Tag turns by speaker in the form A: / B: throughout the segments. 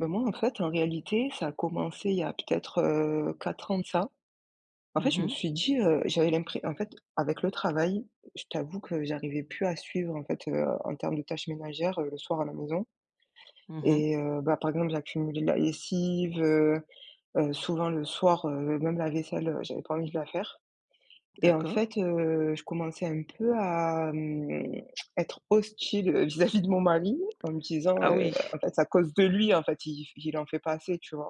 A: Bah, moi, en fait, en réalité, ça a commencé il y a peut-être, heu, 4 ans de ça. En fait,
B: Mmh
A: je me
B: mh.
A: suis dit, heu, j'avais l'impre en fait, avec le travail, je t'avoue que j'arrivais plus à suivre, en fait, heu, en termes de tâches ménagères, heu, le soir à la maison.
B: Mmh mh.
A: Et heu, bah, par exemple, j'accumulais la lessive, heu heu, souvent le soir, heu, même la vaisselle heu, j'avais pas envie de la faire. Et en
B: D'accord.
A: fait, heu, je commençais un peu à, hem, à être hostile, heu vis-à-vis de mon mari, en me disant,
B: Ah,
A: heu:
B: oui.
A: «En fait c'est à cause de lui, en fait iI f il en fait pas assez!» tu vois?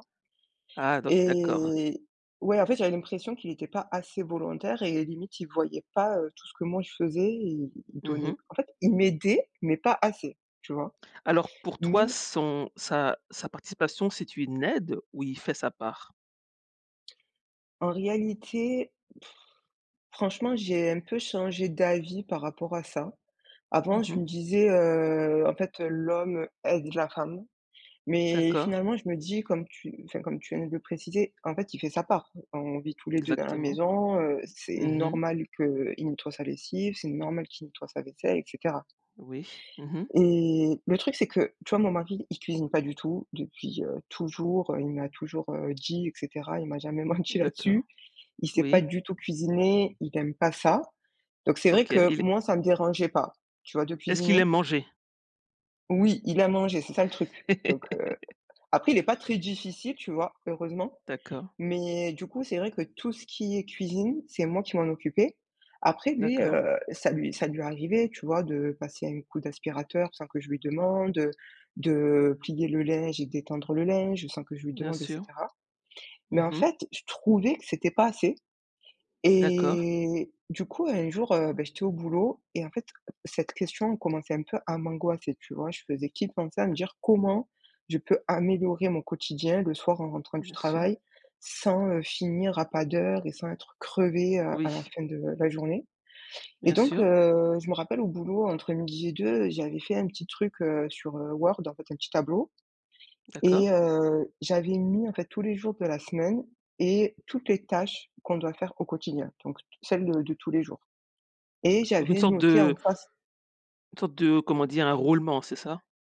B: Ah donc d'accord.
A: Et ouais, en fait, j'avais l'impression qu'il était pas assez volontaire et, limite, il voyait pas, heu, tout ce que moi je faisais. Et il il
B: Mmh
A: donnait
B: mh.
A: en fait, il m'aidait, mais pas assez, tu vois?
B: Alors, pour
A: Mais
B: toi, son sa sa participation, c'est une aide ou il fait sa part?
A: en réalité, franchement, j'ai un peu changé d'avis par rapport à ça. Avant,
B: Mmh
A: je
B: mh.
A: me disais, heu: «En fait, heu, l'homme aide la femme.» mais
B: D'accord.
A: finalement, je me dis, comme tu enfin comme tu viens de le préciser: «En fait il fait sa part. On vit tous les 2 dans la
B: Exactement.
A: maison, heu, c'est
B: Mmh mh.
A: normal qu'il nettoie sa lessive, c'est normal qu'il nettoie sa vaisselle, et cetera.»
B: Oui, mmh mh.
A: Et le truc, c'est que, tu vois, mon mari, il cuisine pas du tout depuis, heu, toujours. Heu, il me l'a toujours, heu, dit, et cetera, il m'a jamais menti là-dessus.
B: D'accord.
A: Il sait pas
B: Oui.
A: du tout cuisiner, il aime pas ça. Donc c'est vrai
B: OK,
A: que
B: il est
A: moi, ça me dérangeait pas, tu vois, de
B: Est-ce qu'il
A: cuisiner.
B: aime manger?
A: Oui, il aime manger, c'est ça le truc, donc, heu après, il est pas très difficile, tu vois, heureusement.
B: D'accord.
A: Mais du coup c'est vrai que tout ce qui est cuisine, c'est moi qui m'en occupais. Après, lui,
B: D'accord.
A: heu, ça lui ça lui arrivait, tu vois, de passer un coup d'aspirateur sans que je lui demande, heu, de plier le linge et d'étendre le linge sans que je lui
B: Bien
A: demande, et
B: sûr.
A: cetera.
B: Mmh
A: Mais en
B: mh.
A: fait, je trouvais que c'était pas assez
B: D'accord.
A: et du coup, un jour, heu, bah j'étais au boulot. Et en fait, cette question elle commençait un peu à m'angoisser, tu vois? Je faisais qu'y penser, à me dire: «Comment je peux améliorer mon quotidien le soir en rentrant du
B: Bien sûr.
A: travail sans, heu, finir à pas d'heure et sans être crevée à
B: Oui
A: la fin de la journée?». Et
B: Bien
A: donc,
B: sûr.
A: heu, je me rappelle au boulot, entre 12:00 et 14:00, j'avais fait un petit truc, heu, sur, heu, Word, en fait un petit tableau. Et,
B: D'accord.
A: heu, j'avais mis, en fait, tous les jours de la semaine et toutes les tâches qu'on doit faire au quotidien. Donc, toutes celles de de tous les jours. Et
B: Donc une
A: j'avais
B: sorte
A: noté
B: de
A: en face
B: une sorte de comment dire? Un roulement, c'est ça?